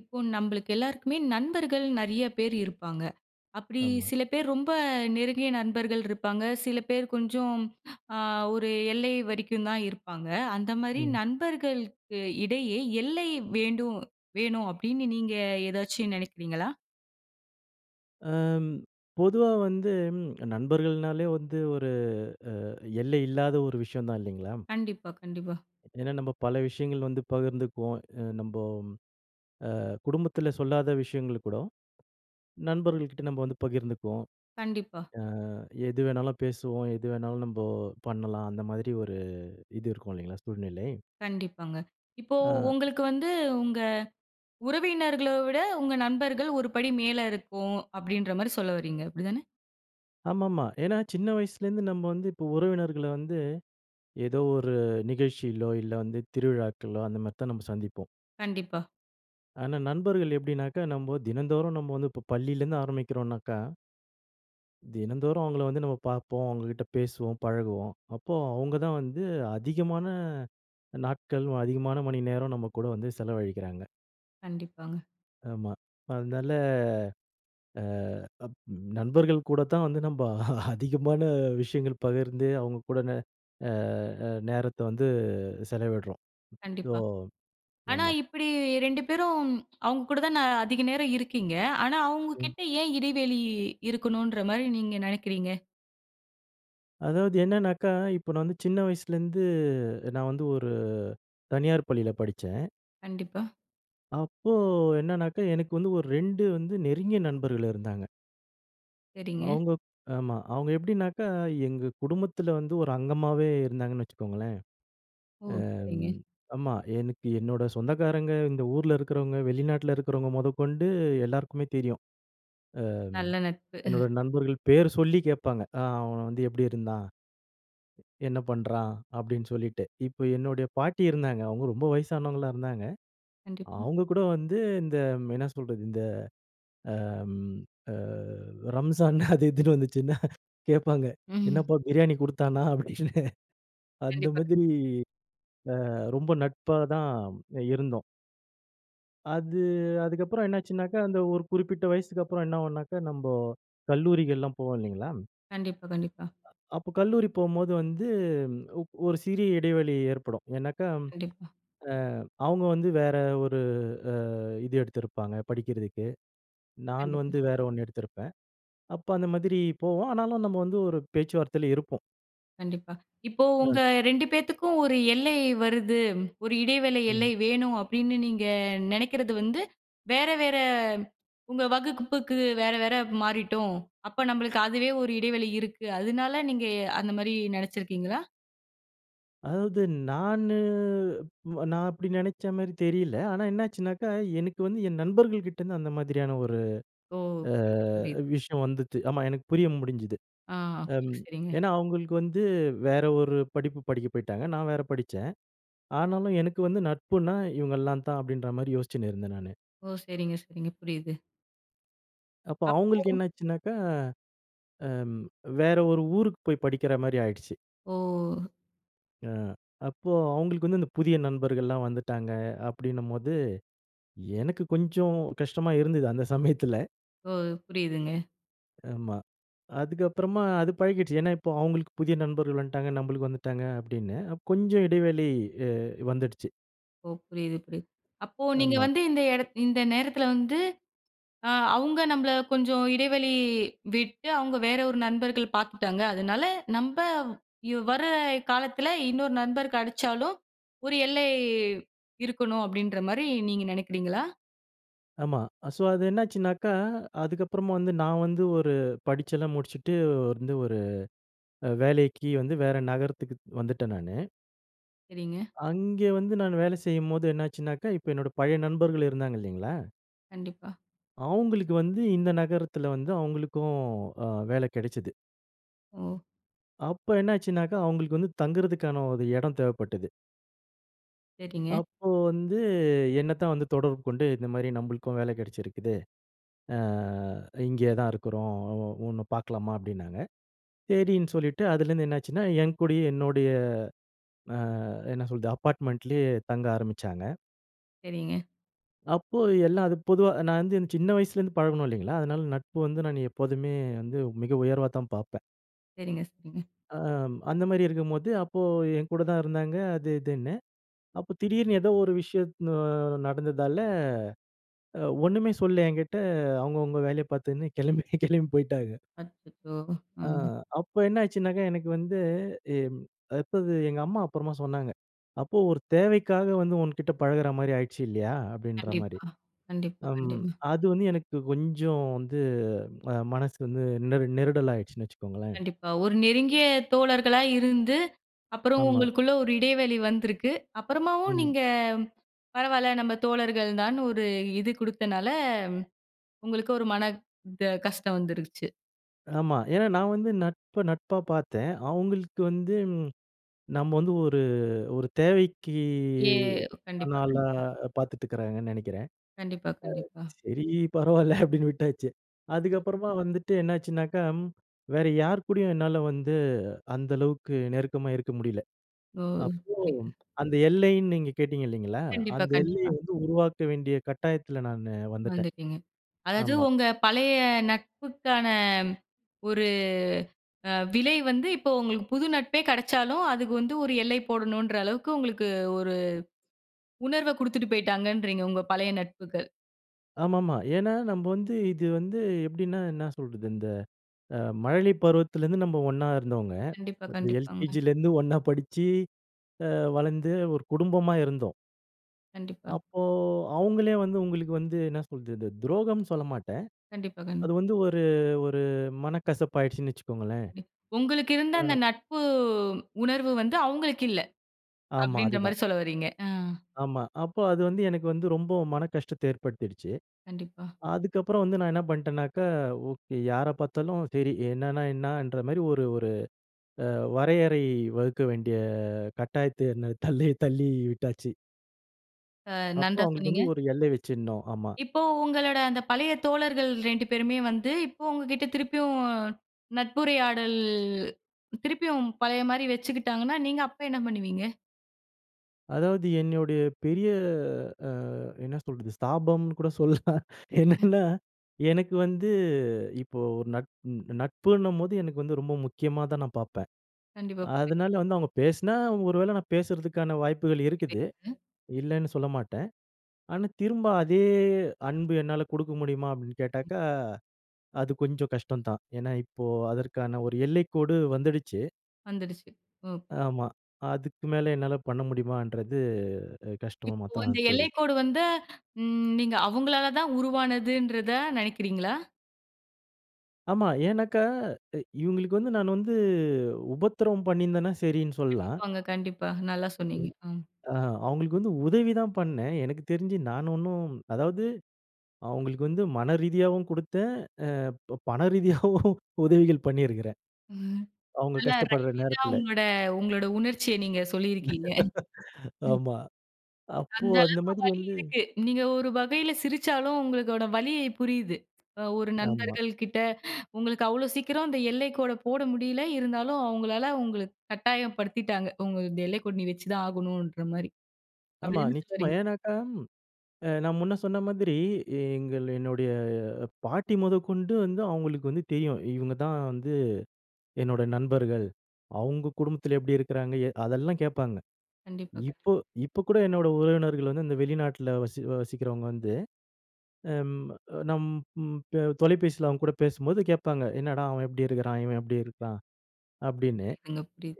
இப்போ நம்மளுக்கு எல்லாருக்குமே நண்பர்கள் நெறைய பேர் இருப்பாங்க. அப்பிடி ஆமா. சில பேர் ரொம்ப நெருங்கிய நண்பர்கள் இருப்பாங்க. சில பேர் கொஞ்சம் அ ஒரு எல்லை வரைக்கும் தான் இருப்பாங்க. அந்த மாரி ம். நண்பர்களுக்கு இடையே எல்லை வேண்டும், வேணும் அப்டீன்னு நீங்க ஏதாச்சும் நினைக்கிறீங்களா? ஆஹ்ம், பொதுவா வந்து நண்பர்கள்னாலே வந்து ஒரு அ எல்லை இல்லாத ஒரு விஷயம் தான் இல்லீங்களா? கண்டிப்பா, கண்டிப்பா. ஏன்னா நம்ப பல விஷயங்கள வந்து பகிர்ந்துக்குவோம். அ நம்போம் அ குடும்பத்துல சொல்லாத விஷயங்கள கூட, நண்பர்கள் கிட்ட நம்ம வந்து பகிர்ந்துக்குவோம். கண்டிப்பா. அ எது வேணாலும் பேசுவோம். எது வேணாலும் நம்ம பண்ணலாம், அந்த மாரி ஒரு இது இருக்கும் இல்லீங்களா? சூழ்நிலை. கண்டிப்பாங்க. இப்போ ஆ. உங்களுக்கு வந்து உங்க உறவினர்கள விட, உங்க நண்பர்கள் ஒரு படி மேல இருக்கும் அப்டீன்ற மாரி சொல்ல வர்றீங்க. அப்டி தானே? ஆமாமா. ஏன்னா சின்ன வயசுலேந்து நம்ம வந்து இப்போ உறவினர்கள வந்து, ஏதோ ஒரு நிகழ்ச்சியிலோ இல்ல, வந்து திருவிழாக்களோ அந்த மாரித்தான் நம்ம சந்திப்போம். கண்டிப்பா. ஆனா, நண்பர்கள் எப்டினாக்கா நம்பொ தினந்தோறும் நம்ப வந்து இப்ப் பள்ளிலருந்து ஆரம்பிக்கிறோம்னாக்கா தினந்தோறும் அவங்கள வந்து நம்ம பாப்போம், அவங்ககிட்ட பேசுவோம், பழகுவோம். அப்போ அவுங்க தான் வந்து அதிகமான நாட்கள், அதிகமான மணிநேரம் நம்ம கூட வந்து செலவழிக்கிறாங்க. கண்டிப்பாங்க. ஆமா. அதனால அ அப் நண்பர்கள் கூட தான் வந்து நம்ப அதிகமான விஷயங்கள் பகிர்ந்து, அவங்க கூட ந அ அ நேரத்த வந்து செலவிட்றோம். ஸோ கண்டிப்பா. ஆனா ஆமா. இப்பிடி, 2 பேரும், அவங்க கூட தான அதிக நேரம் இருக்கீங்க. ஆனா, அவங்க ம். கிட்ட ஏன் இடைவெளி இருக்கணுன்ற மாரி நீங்க நெனைக்கிறீங்க? அதாவது, என்னன்னாக்கா, இப்ப நான் வந்து சின்ன வயசுலருந்து நான் வந்து ஒரு, தனியார் பள்ளில படிச்சேன். கண்டிப்பா. அப்போ என்னனாக்கா, எனக்கு வந்து ஒரு 2 வந்து நெருங்கிய நண்பர்கள் இருந்தாங்க! சரிங்க. அவுங்க ஆமா. அவுங்க எப்படினாக்கா, எங்க குடும்பத்துல வந்து ஒரு அங்கமாவே இருந்தாங்கன்னு வச்சிக்கோங்களேன். ஓ! அ சரிங்க. ம், ஆமா, எனக்கு என்னோட சொந்தக்காரங்க, இந்த ஊர்ல இருக்கிறவுங்க, வெளிநாட்டுல இருக்கிறவுங்க மொதக்கொண்டு எல்லாருக்குமே தெரியும். அ ம், நல்ல நட்பு! என்னோட நண்பர்கள் பேர் சொல்லி கேட்பாங்க. "அ அவன் வந்து எப்டி இருந்தான்? என்ன பண்றான்?" அப்டீன்னு சொல்லிட்டு. இப்போ என்னுடைய பாட்டி இருந்தாங்க. அவங்க ரொம்ப வயசானவங்களா இருந்தாங்க. கண்டிப்பா. அவங்க கூட வந்து இந்த, என்ன சொல்றது? இந்த அ ம் அ ரம்சான் அது இதுன்னு வந்துச்சுன்னா கேப்பாங்க, ம். "என்னப்பா, பிரியாணி குடுத்தானா?" அப்டீன்னு. அந்த கண்டிப்பா. மாதிரி, அ, ரொம்ப நட்பா தான் அ இருந்தோம்! அது, அதுக்கப்பறம் என்னாச்சுன்னாக்கா, அந்த ஒரு குறிப்பிட்ட வயசுக்கப்பறம் என்ன ஆவும்னாக்கா, நம்ப கல்லூரிகள்லாம் போவோம் இல்லேங்களா? கண்டிப்பா. கண்டிப்பா. அ அப்போ கல்லூரி போகும்போது வந்து ஒ ஒரு சிறிய இடைவெளி ஏற்படும். ஏன்னாக்கா, கண்டிப்பா. அ அவுங்க வந்து வேற ஒரு அ இது எடுத்திருப்பாங்க படிக்கிறதுக்கு. நான் கண்டிப்பா. வந்து வேற 1 எடுத்திருப்பேன். அப்போ அந்த மாதிரி போவோம். ஆனாலும் நம்ம வந்து ஒரு பேச்சுவார்த்தையில இருப்போம். கண்டிப்பா. இப்போ அ. உங்க 2 பேத்துக்கும் ஒரு எல்லை வருது, ஒரு இடைவேளை எல்லை ம். வேணும் அப்டீன்னு நீங்க நெனைக்கிறது வந்து வேற, வேற உங்க வகுப்புக்கு வேற, வேற மாறிட்டோம். அப்போ நம்பளுக்கு அதுவே ஒரு இடைவெளி இருக்கு. அதனால நீங்க எ அந்த மாரி நெனைச்சிருக்கீங்களா? அதாவது, நானு நான் அப்டி நெனைச்ச மேரி தெரியல. ஆனா என்னாச்சுனாக்கா, எனக்கு வந்து என் நண்பர்கள் கிட்டேருந்து அந்த மாதிரியான ஒரு ஓ! அ புரியிது. புரியிது. விஷயம் வந்துச்சு. ஆமா, எனக்கு புரிய முடிஞ்சுது. ஆ! அம் [unintelligible] சரிங்க. ஏன்னா, அவுங்களுக்கு வந்து, வேற ஒரு படிப்பு படிக்க போய்ட்டாங்க. நான் வேற படிச்சேன். ஆனாலும் எனக்கு வந்து நட்புனா இவங்கலாம் தான் அப்டீன்ற மாரி யோசிச்சுன்னு இருந்தேன் நானு. ஓ! சரிங்க. சரிங்க. புரியிது. அப்போ அவங்களுக்கு அப்போ என்னாச்சுனாக்கா, அம் வேற ஒரு ஊருக்கு போய் படிக்கிற மாரி ஆயிடுச்சு. ஓ! ஆ. அப்போ அவங்களுக்கு வந்து அந்த புதிய நண்பர்கள்லாம் வந்துட்டாங்க. அப்டின்னும்போது, எனக்கு கொஞ்சம் கஷ்டமா இருந்தது அந்த சமயத்துல, ஓ! புரியிதுங்க. ஆமா. அதுக்கப்புறமா அது பழகிடுச்சு. ஏனா இப்போ அவங்களுக்கு புதிய நண்பர்கள் வந்துட்டாங்க, நம்மளுக்கு வந்துட்டாங்க அப்டின்னு, கொஞ்சம் இடைவெளி அ வந்துடுச்சு. ஓ! புரியிது, புரியிது. அப்போ நீங்க ஆமா. வந்து இந்த இடத் இந்த நேரத்துல வந்து, ஆ அவங்க நம்மள கொஞ்சம் இடைவெளி விட்டு, அவங்க வேற ஒரு நண்பர்கள் பாத்துட்டாங்க. அதனால, நம்ப யு வர்ர காலத்துல இன்னொரு நண்பர் கடச்சாலும் ஒரு எல்லை இருக்கணும். அப்படின்ற மாரி நீங்க நெனைக்கிறீங்களா? ஆமா. ஸோ அது என்னாச்சுன்னாக்கா, அதுக்கப்புறமா வந்து நான் வந்து ஒரு படிச்செல்லாம் முடிச்சுட்டு வந்து ஒரு அ வேலைக்கி வந்து வேற நகரத்துக்குத் வந்துட்டேன் நானு. சரிங்க. அங்கே வந்து நானு வேலை செய்யும்போது என்னாச்சுனாக்கா, இப்ப என்னோட பழைய நண்பர்கள் இருந்தாங்க இல்லைங்களா? கண்டிப்பா. அவங்களுக்கு வந்து இந்த நகரத்துல வந்து அவங்களுக்கும் ஆ வேல கெடைச்சது. ஓ! அப்ப என்னாச்சுனாக்கா, அவுங்களுக்கு வந்து தங்குறத்துக்கான ஒரு இடம் தேவைப்பட்டது. சரிங்க. அப்போ வந்து என்னத்தான் வந்து தொடர்பு கொண்டு, இந்தமாரி நம்பளுக்கும் வேல கெடச்சிருக்குது. ஆ இங்கே தான் இருக்கிறோம். ஒ ஒ ஒன்ன பார்க்கலாமா? அப்பிடின்னாங்க. சேரின்னு சொல்லிட்டு, அதுலேருந்து என்னாச்சுன்னா, என் கூடயே என்னோடய ஆ என்ன சொல்றது? அப்பார்ட்மெண்ட்லேயே தங்க ஆரம்பிச்சாங்க. சரிங்க. அப்போ எல்லா அது பொதுவா நான் வந்து சின்ன வயசுல இருந்து பழகுனோம் இல்லேங்களா? அதனால நட்பு வந்து நானு எப்போதுமே வந்து மிக உயர்வாதான் பார்ப்பேன். சரிங்க, சரிங்க. ஆ, அந்தமாரி இருக்கும்போது, அப்போ எங்கூட தான் இருந்தாங்க அது, இதுன்னு. அப்போ திடீர்னு ஏதோ ஒரு விஷயத் அ நடந்ததால அ ஒண்ணுமே சொல்லல எங்கிட்ட, அவுங்கவுங்க வேலய பார்த்துன்னு கெளம்பி, கெளம்பி போயிட்டாக அச்சச்சோ! ஆ ம். அப்ப என்னாச்சுனாக்கா, எனக்கு வந்து எம் அப்போது எங்கம்மா அப்பறமா சொன்னாங்க. அப்போ ஒரு தேவைக்காக வந்து உன்கிட்ட பழகுறமாரி ஆயிடுச்சு இல்லயா? அப்பிடின்ற மாரி கண்டிப்பா. கண்டிப்பா, அம் கண்டிப்பா. அது வந்து எனக்கு கொஞ்சம் வந்து அ மனசு வந்து நெரு நெருடலா ஆயிடுச்சுன்னு வச்சுக்கோங்களேன்! கண்டிப்பா. ஒரு நெருங்கிய தோழர்களா இருந்து, அப்புறம் ஆமா. உங்களுக்குள்ள ஒரு இடைவெளி வந்திருக்கு. அப்புறமாவும் ம். நீங்க பரவாயில்ல நம்ம தோழர்கள்தான்னு ஒரு இது குடுத்தனால, உங்களுக்கு ஒரு மன த கஷ்டம் வந்துருச்சு. ஆமா. ஏனா நான் வந்து நட்ப நட்பா பார்த்தேன். அவங்களுக்கு வந்து நம்ப வந்து ஒரு ஒரு தேவைக்கு ஏ கண்டிப்பா, ஆனாள கண்டிப்பா. பார்த்துட்டுருக்காங்கன்னு நெனைக்கிறேன். கண்டிப்பா, கண்டிப்பா. அ சரி பரவால அப்படின்னு விட்டாச்சு. அதுக்கப்புறமா [unintelligible] வந்துட்டு என்னாச்சுனாக்கா, ம் வேற யார் கூடயும் என்னால வந்து அந்த அளவுக்கு நெருக்கமா இருக்க முடியல. ஓ! அப்போ, [unintelligible] அந்த எல்லைன்னு நீங்க கேட்டீங்க இல்லைங்களா? கண்டிப்பா, அந்த எல்லைய கண்டிப்பா. வந்து உருவாக்க வேண்டிய கட்டாயத்துல நானு வந்துட்டேன். வந்துட்டீங்க. அதாவது ஆமா. உங்க பழைய நட்புக்கான ஒரு அ விலை வந்து, இப்போ உங்களுக்கு, புது நட்பே கடைச்சாலும். அதுக்கு வந்து ஒரு எல்லை போடணும்ன்ற அளவுக்கு, உங்களுக்கு ஒரு உணர்வ குடுத்துட்டு போய்ட்டாங்கன்றீங்க, உங்க பழைய நட்புகள். ஆமாமா. ஏனா நம்ப வந்து இது வந்து எப்படின்னா, என்ன சொல்றது? இந்த அ மழலை பருவத்திலேருந்து நம்ப ஒண்ணா இருந்தோங்க கண்டிப்பா, இந்த கண்டிப்பாங்க. எல்கேஜிலேருந்து ஒண்ணா படிச்சு, ஆ வளர்ந்து ஒரு குடும்பமா இருந்தோம். கண்டிப்பா. அப்போ, அவங்களே வந்து உங்களுக்கு வந்து என்ன சொல்றது துரோகம்ன்னு சொல்லமாட்டேன். கண்டிப்பா, கண்டிப் அது வந்து ஒரு ஒரு மனக்கசப்பு ஆயிடுச்சுன்னு வச்சுக்கொள்ளுங்களேன். கண்டி உங்களுக்கு இருந்த ஆ. அந்த நட்பு உணர்வு வந்து அவங்களுக்கு இல்ல, ஆமா, அப்டின்ற அதுதான். மாரி சொல்ல வர்றீங்க. ஆ. ஆமா. அப்போ, அது வந்து எனக்கு வந்து ரொம்ப மன கஷ்டத்த ஏற்படுத்திடுச்சு. கண்டிப்பா. அதுக்கப்புறம் வந்து நான் என்ன பண்டேனாக்கா, ஓகே யார பார்த்தாலும். சரி என்னன்னா என்னன்ற மாரி ஒரு ஒரு அ வரையறை வகுக்க வேண்டிய கட்டாயத்த என்ன த் தள்ளி தள்ளி விட்டாச்சு. அ அப்போ, நன்றா அவங்களுக்கு சொன்னீங்க. வந்து ஒரு எல்லை வச்சிருந்தோம் ஆமா. இப்போ. உங்களோட அந்த பழைய தோழர்கள் 2 பேருமே வந்து இப்போ உங்ககிட்ட திருப்பியும் நட்புரையாடல் திருப்பியும் பழைய மாரி வச்சுக்கிட்டாங்கன்னா, நீங்க அப்ப என்ன பண்ணுவீங்க? அதாவது என்னுடைய பெரிய அ என்ன சொல்றது? ஸ்தாபம்னு கூட சொல்லலாம். என்னன்னா, எனக்கு வந்து இப்போ ஒரு நட் நட்புன்னும்போது எனக்கு வந்து ரொம்ப முக்கியமா தான் நான் பார்ப்பேன். கண்டிப்பா, அதனால புரியும். வந்து அவங்க பேசுனா ஒரு வேள நான் பேசறதுக்கான வாய்ப்புகள் இருக்குது, [unintelligible] இல்லன்னு சொல்ல மாட்டேன். ஆனா திரும்ப அதே அன்பு என்னால குடுக்க முடியுமா? அப்டின்னு கேட்டாக்கா, அது கொஞ்சம் கஷ்டந்தான். ஏனா இப்போ அதற்கான ஒரு எல்லைக்கோடு வந்துடுச்சு. வந்துடுச்சு, ஓகே. ஆமா. அதுக்கு மேல என்னால பண்ண முடியுமான்றது அ கஷ்டமா இப்போ அந்த தான் தெரி எல்லைக்கோடு வந்து, ம் நீங்க அவங்களால தான் உருவானதுன்றதா நெனைக்கிறீங்களா? ஆமா. ஏன்னாக்கா, எ இவங்களுக்கு வந்து, நான் வந்து உபத்திரம் பண்ணியிருந்தேன்னா, சரின்னு சொல்லலாம். கண்டிப்பாங்க, கண்டிப்பா. நல்லா உ சொன்னீங்க ம். ஆ அவங்களுக்கு வந்து உதவி தான் பண்ணேன். எனக்கு தெரிஞ்சு நான் ஒண்ணும் அதாவது, அவங்களுக்கு வந்து மனரீதியாவும் குடுத்தேன், அ பப் பணரீதியாவும் உதவிகள் பண்ணியிருக்குறேன். ம். அவங்க நல்லா கஷ்டப்படுற ரைமிங்கா நேரத்துல. உங்களோட, உங்களோட உணர்ச்சிய நீங்க சொல்லியிருக்கீங்க ம். ஆமா. அப்போ அந்த அந்த அளவுக்கு மாதிரி வலி வந்து இருக்கு. நீங்க ஒரு வகையில சிரிச்சாலும், உங்களோட வலி புரியிது. அ ஒரு ஆமா. நண்பர்கள் கிட்ட உங்களுக்கு அவ்ளோ சீக்கிரம் இந்த எல்லைக்கோட போட முடியல இருந்தாலும், அவங்களால உங்களுக் கட்டாயப்படுத்திட்டாங்க உங்க இந்த எல்லைக்கோடு நீ வச்சுதான் ஆகணுன்ற மாரி. அப்டி ஆமா, தான சொல்ல நிச்சயமா. வர்றீங்க? ஏனாக்கா, அ நான் முன்ன சொன்ன மாதிரி எங்கள் என்னுடைய பாட்டி மொதக் கொண்டு வந்து அவங்களுக்கு வந்து தெரியும். இவங்க தான் வந்து என்னோட நண்பர்கள். அவங்க குடும்பத்துல எப்படி இருக்குறாங்க? எ அதெல்லாம் கேட்பாங்க. கண்டிப்பா, கண்டிப்பா. இப்போ, இப்போ கூட என்னோட உறவினர்கள் வந்து இந்த வெளிநாட்ல வசி வசிக்கிறவங்க வந்து, அம் நம் ம் தொலைபேசில அவங்க கூட பேசும்போது கேட்பாங்க, என்னடா அவன் எப்டி இருக்குறான்? இவன் எப்டி இருக்கான்? அப்டின்னு. புரியிதுங்க, புரியிது.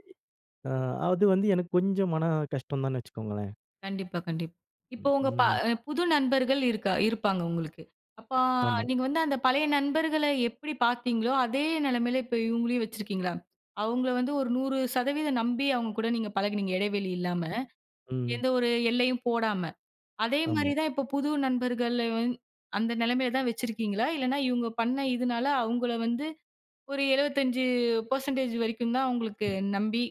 அ அது வந்து எனக்கு கொஞ்சம் மன கஷ்டம் தான்னு வச்சுக்கோங்களேன். கண்டிப்பா, கண்டிப் இப்போ ம். உங்க ப ம். புது நண்பர்கள் இருக்கா இருப்பாங்க உங்களுக்கு. அப்ப ஆமா. நீங்க வந்து அந்த பழைய நண்பர்கள எப்படி பார்த்தீங்களோ, அதே நிலமையில இப்போ இவுங்களையும் வச்சிருக்கீங்களா? அவுங்கள வந்து ஒரு 100 சதவீதம் நம்பி அவங்க கூட நீங்க பழகுனீங்க, இடைவெளி இல்லாம. ம். எந்த ஒரு எல்லையும் போடாம, அதே மாரி ஆமா. தான் இப்போ புது நண்பர்கள வந் அந்த நிலமையில தான் வச்சுருக்கீங்களா? இல்லைனா இவுங்க பண்ண இதுனால, அவுங்கள வந்து ஒரு 75% வரைக்கும் தான் அவங்களுக்கு [unintelligible] நம்பி,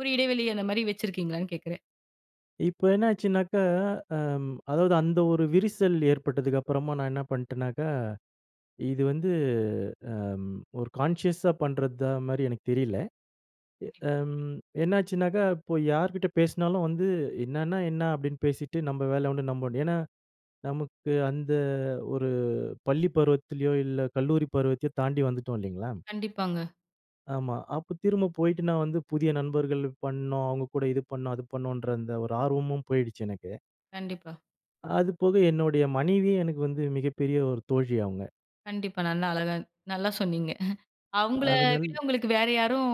ஒரு இடைவெளி அந்த மாரி வச்சுருக்கீங்களான்னு கேக்குறேன்? இப்ப என்னாச்சுனாக்க, அ அதாவது அந்த ஒரு விரிசல் ஏற்பட்டதுக்கு அப்பறமா நான் என்ன பண்ணிட்டனாக்க, இது வந்து ம் ஒரு கான்ஷியஸ்ஸா பண்றதா மாரி எனக்கு தெரியல, கண்டிப்பா. அ எம் என்னாச்சுனாக்க, இப்போ யார்கிட்ட பேசுனாலும் வந்து, "என்னன்னா என்னா?" அப்டின்னு பேசிட்டு நம்ப வேல உண்டு நம்ப உண்டு ஏன்னா, நமக்கு அந்த ஒரு பள்ளி பருவத்திலோ, இல்ல கல்லூரி பருவத்தையோ தாண்டி வந்துட்டோம் இல்லைங்களா? கண்டிப்பாங்க. ஆமா. அப்ப திரும்ப போயிட்டு நான் வந்து புதிய நண்பர்கள் பண்ணும், அவங்க கூட இது பண்ணும், அது பண்ணுன்ற அந்த ஒரு ஆர்வமும் போயிடுச்சி எனக்கு. கண்டிப்பா. அதுபோக என்னுடைய மனைவியே எனக்கு வந்து மிகப்பெரிய ஒரு தோழி அவங்க. கண்டிப்பா. நல்லா அழகா நல்லா சொன்னீங்க. அவங்கள அதனால் விட உங்களுக்கு வேற யாரும்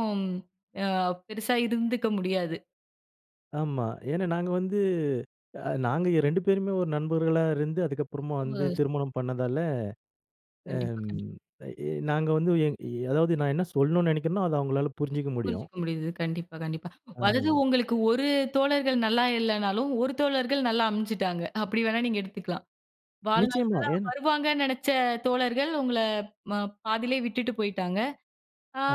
அ பெருசா இருந்துக்க முடியாது. ஆமா. ஏனா நாங்க வந்து அ நாங்க 2 பேருமே ஒரு நண்பர்களா இருந்து அதுக்கப்புறமா வந்து [unintelligible] திருமணம் பண்ணதால. ஆ கண்டிப்பா, கண்டிப்பா. ஏ நாங்க வந்து ஏ அதாவது நான் என்ன சொல்லணும்னு நினைக்கிறனோ அத அவங்களால புரிஞ்சிக்க முடியும். புரிஞ்சுக்க முடியுது. கண்டிப்பா, கண்டிப்பா. அதாவது அஹ். உங்களுக்கு ஒரு தோழர்கள் நல்லா இல்லைனாலும். ஒரு தோழர்கள் நல்லா அமைஞ்சிட்டாங்க அப்படி வேணா நீங்க எடுத்துக்கலாம். வாழ்நாள் நிச்சயமா, ஃபுல்லா ஏனா வருவாங்கன்னு நினச்ச தோழர்கள் உங்கள ம பாதியிலே விட்டுட்டு போயிட்டாங்க.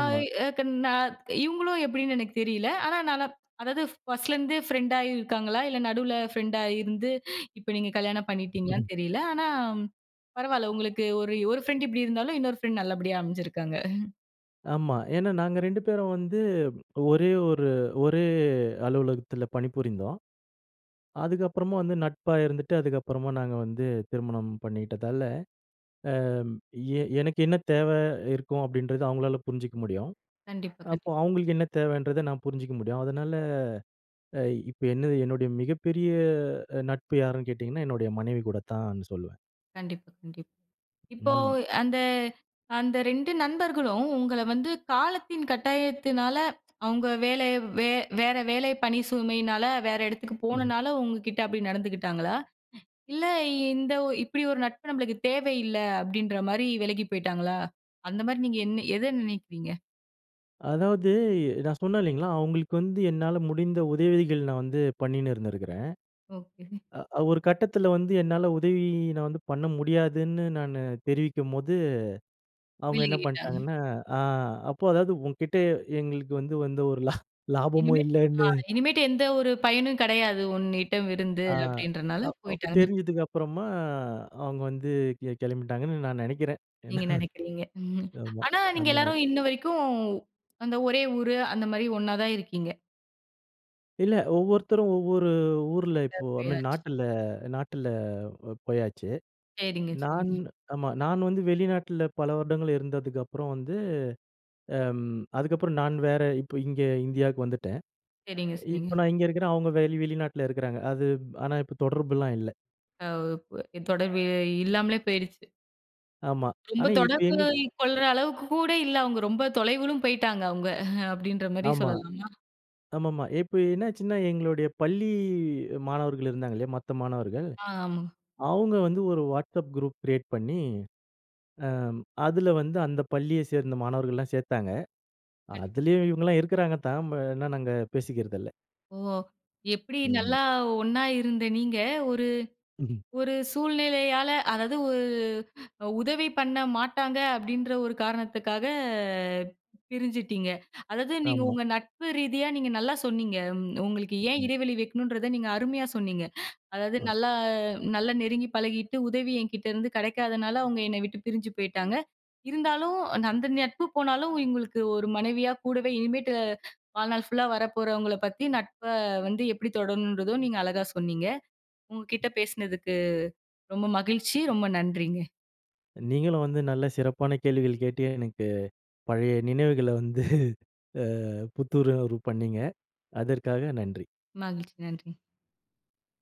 ஆமா. ஏக நான் இவங்களு எப்படினு எனக்கு தெரியல. ஆனா நனாப் அதாவது 1ஸ்ட்லருந்து ஃப்ரெண்டாயி இருக்காங்களா இல்ல, நடுவில ஃப்ரெண்டா இருந்து இப்ப நீங்க கல்யாணம் பண்ணிட்டீங்களானு தெரியல. ஆனா பரவால்ல உங்களுக்கு ஒரு, ஒரு ஃப்ரெண்ட் இப்படி இருந்தாலும் இன்னொரு ஃப்ரெண்ட் நல்லபடியா அமைஞ்சிருக்காங்க. ஆமா. ஏனா நாங்க 2 பேரும் வந்து ஒரே ஒரு ஒரே அலுவலகத்தில பணிபுரிந்தோம். அதுக்கப்புறமா வந்து நட்பா இருந்துட்டு அதுக்கப்புறமா நாங்க வந்து திருமணம் பண்ணிக்கிட்டதால. ஆ ஏ எனக்கு என்ன தேவ இருக்கும் அப்டின்றத அவங்களால புரிஞ்சுக்க முடியும் கண்டிப்பா, கண்டிப்பா. அப்போ அவங்களுக்கு என்ன தேவன்றத நான் புரிஞ்சிக்க முடியும். அதனால அ இ இப்ப என்னது என்னுடைய மிகப்பெரிய அ நட்பு யாருன்னு கேட்டிங்கன்னா என்னுடைய மனைவி கூட தான்னு சொல்லுவேன். கண்டிப்பா, கண்டிப்பா. இப்போ, ம். அந்த அந்த 2 நண்பர்களும் உங்கள வந்து காலத்தின் கட்டாயத்தினால, அவுங்க வேலை, வே வேற வேலை பணி சுமையினால, வேற இடத்துக்கு ம். போனனால, உங்கக்கிட்ட அப்பிடி நடந்துக்கிட்டாங்களா? இல்ல, இந்த ஒ இப்பிடி ஒரு நட்பு நம்மளுக்கு தேவை இல்ல, அப்பிடீன்றமாரி விலகி போயிட்டாங்களா? அந்தமாரி நீங்க என்ன எத நினைக்கிறீங்க? அதாவது, நான் சொன்னேன் இல்லேங்களா! அவுங்களுக்கு வந்து என்னால முடிந்த உதவிகள், நான் வந்து பண்ணின்னு இருந்திருக்கிறேன். ஓகே. அ ஒரு கட்டத்தில வந்து, என்னால உதவி நான் வந்து பண்ண முடியாதுன்னு, நானு தெரிவிக்கும்போது, அவுங்க என்ன விலகிட்டாங்க. பண்ட்டாங்கன்னா, அ அப்போ அதாவது உன்கிட்ட எங்களுக்கு வந்து வந்து ஒரு லா லாபமோ இனிமேட்டு, இல்லன்னு அ இனிமேட்டு எந்த ஒரு பயனும் கிடையாது, உன்னிடமிருந்து ஆ அப்பிடின்றனால அப் அப்ப போயிட்டாங்கன்னு தெரிஞ்சதுக்கு அப்பறமா, அவுங்க வந்து கெ கிளம்பிட்டாங்கன்னு, நான் நினைக்கிறேன். ஏனா நீங்க நெனைக்கீறீங்க. ம் ஆமா, ஆனா, நீங்க அந்த மாரி. எல்லாரும் இன்னவரைக்கும், அந்த ஒரே ஊரூ, அந்தமாரி ஒண்ணா தான் இருக்கீங்க? இல்ல. ஒவ்வொருத்தரும் ஒவ்வொரு ஊர்ல, இப்போ, ஐ மீன் எப்பயாச்சும். நாட்டில, நாட்டில அ போயாச்சு. சரிங்க. நான் சரிங்க. ஆமா நான் வந்து வெளிநாட்ல, பல வருடங்கள் இருந்ததுக்கப்புறம் வந்து. அ, அதுக்கப்புறம் நான் வேற இப்ப இங்க இந்தியாவுக்கு வந்துட்டேன். சரிங்க. சரிங்க. இப்ப நான் இங்கே இருக்கிறேன். அவுங்க வெளி வெளிநாட்ல இருக்கிறாங்க. அது, ஆனா இப்ப தொடர்புலாம் இல்ல. ஆ பொ தொடர்பு இல்லாமலே போயிடுச்சு. ஆமா, ரொம்ப ஆனா இப்போ தொடர்பு எங்களுக்கு கொள்ற அளவுக்கு கூட இல்ல. அவங்க ரொம்ப தொலைவிலும் போய்ட்டாங்க அவங்க. அப்டின்ற மாரி ஆமா. சொல்லலாமா? ஆமாமா. இப்போ என்னாச்சின்னா எங்களுடைய பள்ளி மாணவர்கள் இருந்தாங்கள்லயா! மத்த மாணவர்கள். ஆமா. அவங்க வந்து ஒரு WhatsApp குரூப் கிரியேட் பண்ணி, ஆ அதுல வந்து அந்த பள்ளியைச் சேர்ந்த மாணவர்கள்லாம் சேர்த்தாங்க. கண்டிப்பா. அதிலேயும் இவங்களலாம் இருக்குறாங்க தான், ஆனா என்ன நாங்க பேசிக்கிறதில்ல. ஓ! எப்படி ம். நல்லா ஒண்ணா இருந்த நீங்க ஒரு [unintelligible] ஒரு சூழ்நிலையால அதாவது ஒரு உதவி பண்ண மாட்டாங்க அப்படின்ற ஒரு காரணத்துக்காக பிரிஞ்சிட்டிங்க. அதாவது நீங்க ஆமா. உங்க நட்பு ரீதியா நீங்க நல்லா சொன்னீங்க. உங்களுக்கு ஏன் ம். இடைவெளி வைக்கணுன்றத நீங்க அருமையா சொன்னீங்க. அதாவது அ. நல்லா-நல்லா நெருங்கி பழகிட்டு உதவி என்கிட்டருந்து கெடைக்காதனால அவங்க என்ன விட்டு பிரிஞ்சு போய்ட்டாங்க. இருந்தாலும், அந்த நட்பு போனாலும் எங்களுக்கு ஒரு மனைவியா கூடவே இனிமேட்டு வாழ்நாள் ஃபுல்லா வரப்போறவங்கள பத்தி நட்ப வந்து எப்படி தொடரணுன்றதும் நீங்க அழகா சொன்னீங்க. உங்க கிட்ட பேசினதுக்கு ரொம்ப மகிழ்ச்சி. ரொம்ப நன்றிங்க. நீங்களும் வந்து நல்ல சிறப்பான கேள்விகள் கேட்டு எனக்கு பழைய நினைவுகள வந்து ஆ புத்துணர்வு பண்ணீங்க. அதற்காக நன்றி! மகிழ்ச்சி. நன்றி!